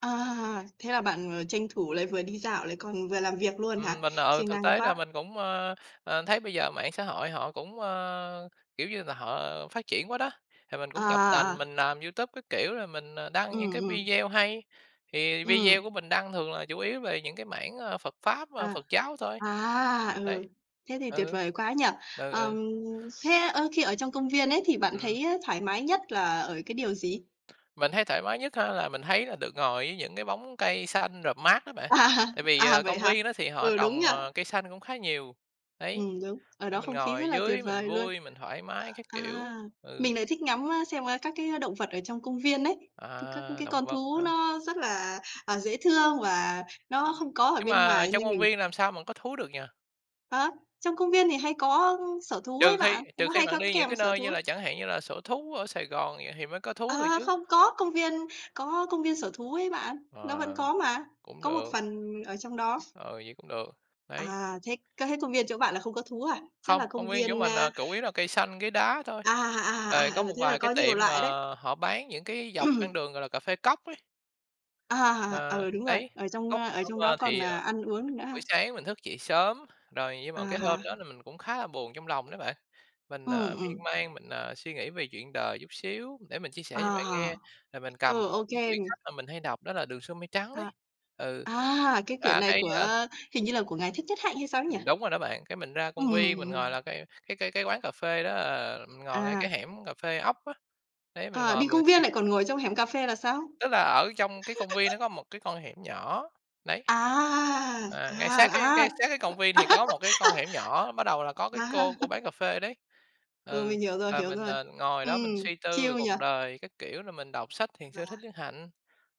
À, thế là bạn, ờ, tranh thủ, lại vừa đi dạo, lại còn vừa làm việc luôn hả? Ừm, mình, ờ, Siêng thực năng tế là quá! mình cũng, ơ, ờ, thấy bây giờ mạng xã hội họ cũng, ơ, kiểu như là, họ phát triển quá đó. Thì mình À, cũng tập à, à. tành mình làm YouTube các kiểu rồi mình, ờ, đăng những Ừm, cái ừm. video hay, thì video Ừm. của mình đăng thường là chủ yếu về những cái mảng, a, Phật pháp, ơ, À. Phật giáo thôi. À! Đấy. Ừ. Thế thì tuyệt Ừ. vời quá nhỉ. Ừ, ừ. Ờm, thế, ơ, khi ở trong công viên ấy thì bạn Ừm. thấy á thoải mái nhất là ở cái điều gì? Mình thấy thoải mái nhất á là mình thấy là được ngồi dưới những cái bóng cây xanh rợp mát á bạn. À, Tại vì, à, ờ, vậy công hả? viên đó thì họ Ừ, đúng trồng, nhỉ? ờ, cây xanh cũng khá nhiều. Đấy, Ừm, đúng. Ở đó nên mình không khí rất ngồi là tuyệt dưới mình vời luôn. vui, mình thoải mái các Ờ, kiểu, a, ừ. mình lại thích ngắm, a, xem, a, các cái động vật ở trong công viên ấy, các các À, cái động con vật thú hả? nó rất là, à, dễ thương và nó không có ở Nhưng bên mà ngoài, trong nên công mình viên làm sao mà có thú được nhỉ? Hả? Trong công viên thì hay có sở thú ấy Trừ khi bạn, trừ nó khi hay bạn có đi những kèm cái sở nơi như thú. là chẳng hạn như là sở thú ở Sài Gòn vậy thì mới có thú được Ờ, chứ? không, có công viên có công viên sở thú ấy bạn. Nó vẫn Ờ, có mà, cũng có một được. phần ở trong đó. Ừ, vậy cũng được, đấy. À, thế, cơ thế công viên chỗ bạn là không có thú à? Chắc Không, là công công viên chỗ viên, mình, a ờ, củ yếu là cây xanh, ghế đá thôi. À, Rồi à, à, có ừ, một thế là vài cái có nhiều tiệm mà loại đấy. họ bán những cái dọc con đường gọi là cà phê cóc ấy. À, Ờ, ừ, đúng rồi, đấy, ở trong ở trong đó [unintelligible] còn, thì, à, à, ăn uống được nữa ha? buổi sáng mình thức dậy sớm rồi nhưng mà À cái hôm ha. đó là mình cũng khá là buồn trong lòng đó bạn. Mình, ờ, Ừm, miên ừm. man mình, ờ, suy nghĩ về chuyện đời chút xíu. Để mình chia sẻ À cho bạn ha, nghe, rồi mình cầm ừ, một ô cái kê. quyển sách mà mình hay đọc đó là "Đường Xưa Mây Trắng" đấy. À. Ừ, À, thực cái quyển ra này cái, a của hình như là của ngài Thích Nhất Hạnh hay sao ấy nhỉ? Ừm, đúng rồi đó bạn, cái mình ra công viên mình ngồi Ừm. là cái cái cái cái quán cà phê đó là mình ngồi ngay À. cái hẻm cà phê ốc á. Đấy, mình À, ngồi đi mình công x viên lại còn ngồi trong hẻm cà phê là sao? Tức là ở trong cái công viên nó có một cái con hẻm nhỏ, đấy. À! À, ngay sát cái À, cái à! sát cái công viên thì có một cái con hẻm nhỏ, bắt đầu là có cái À. cô, cô bán cà phê ở đấy, Ừ, ừ, mình hiểu rồi, là hiểu mình, rồi. ờ, ngồi đó mình Ừm, suy tư về chill nhỉ? cuộc đời các kiểu, rồi mình đọc sách Thiền Rồi. sư Thích Nhất Hạnh.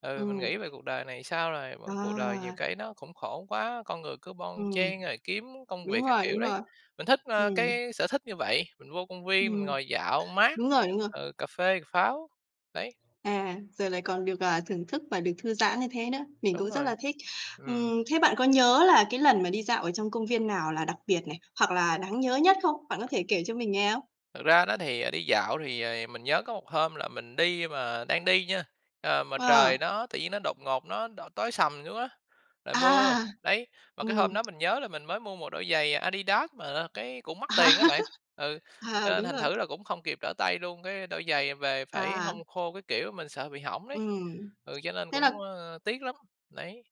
Ừ, mình Ừm. nghĩ về cuộc đời này sao rồi mà cuộc đời nhiều À. cái nó cũng khổ quá, con người cứ bon Ừm, chen rồi kiếm công đúng việc các rồi, kiểu đúng đấy. rồi. Mình thích, ơ, Ừm. cái sở thích như vậy, mình vô công viên, mình Ừm. ngồi dạo mát, Đúng rồi, đúng rồi. ờ, cà phê cà pháo, đấy. À, rồi lại còn được, à, thưởng thức và được thư giãn như thế nữa. Mình Đúng cũng rất rồi. là thích. Ừm. Ừm, thế bạn có nhớ là cái lần mà đi dạo ở trong công viên nào là đặc biệt này, hoặc là đáng nhớ nhất không? Bạn có thể kể cho mình nghe không? Thật ra đó thì, ờ, đi dạo thì rồi mình nhớ có một hôm là mình đi mà đang đi nha, à, mà trời Ờ. nó tự nhiên nó đột ngột nó đ tối sầm xuống á, rồi mưa, À! đấy. Mà cái hôm Ừm. đó mình nhớ là mình mới mua một đôi giày Adidas mà là cái cũng À. mắc tiền đó bạn, ừ, cho À, nên đúng thành rồi. thử là cũng không kịp trở tay luôn. Cái đôi giày về phải À. hong khô các kiểu, mình sợ bị hỏng đấy, Ừm, ừ, cho nên thế cũng, là ơ, tiếc lắm, đấy.